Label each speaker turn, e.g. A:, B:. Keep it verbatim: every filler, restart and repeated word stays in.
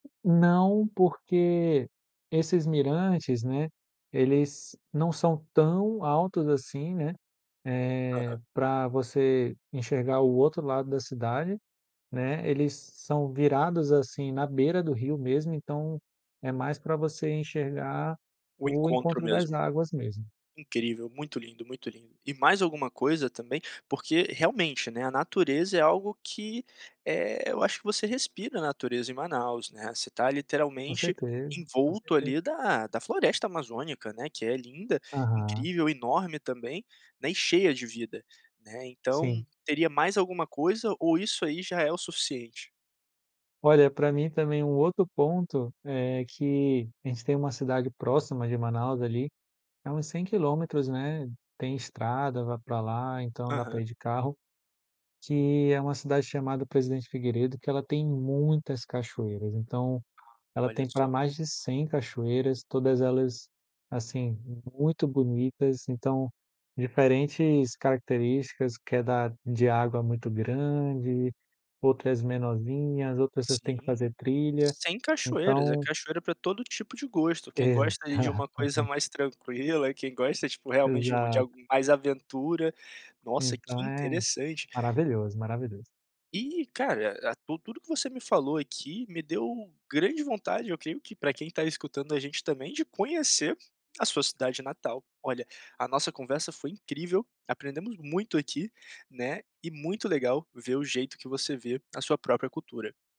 A: Não, porque esses mirantes, né, eles não são tão altos assim, né. Eh,
B: Aham.
A: para você enxergar o outro lado da cidade, né. Eles são virados, assim, na beira do rio mesmo, então é mais para você enxergar
B: O
A: o
B: encontro
A: encontro das
B: mesmo,
A: águas mesmo.
B: incrível, muito lindo, muito lindo, e mais alguma coisa também? Porque realmente, né, a natureza é algo que eh, eu acho que você respira a natureza em Manaus, né, você está
A: Com
B: literalmente
A: certeza, com
B: envolto
A: certeza.
B: ali da da floresta amazônica né, que é linda,
A: Aham.
B: incrível, enorme também né, e cheia de vida né, então
A: Sim.
B: teria mais alguma coisa, ou isso aí já é o suficiente?
A: Olha, para mim também um outro ponto é que, a gente tem uma cidade próxima de Manaus ali, é uns cem quilômetros, né, tem estrada, vai para lá, então dá para
B: Aham.
A: ir de carro, que é uma cidade chamada Presidente Figueiredo, que ela tem muitas cachoeiras, então, ela
B: Olha
A: tem para
B: só.
A: mais de cem cachoeiras, todas elas, assim, muito bonitas, então, diferentes características que é da de água muito grande, outras menorzinhas, outras vocês têm que
B: Sim,
A: fazer trilha,
B: cem cachoeiras, é
A: então
B: cachoeira para todo tipo de gosto, quem gosta de uma coisa
A: Exatamente.
B: mais tranquila, quem gosta tipo realmente de algo
A: Exato.
B: mais aventura, nossa
A: Então
B: que
A: é,
B: interessante.
A: maravilhoso, maravilhoso.
B: E cara, e tudo tudo que você me falou aqui me deu grande vontade, eu creio que para quem está escutando a gente também de conhecer a sua cidade natal, olha, a nossa conversa foi incrível, aprendemos muito aqui né, e muito legal ver o jeito que você vê a sua própria cultura.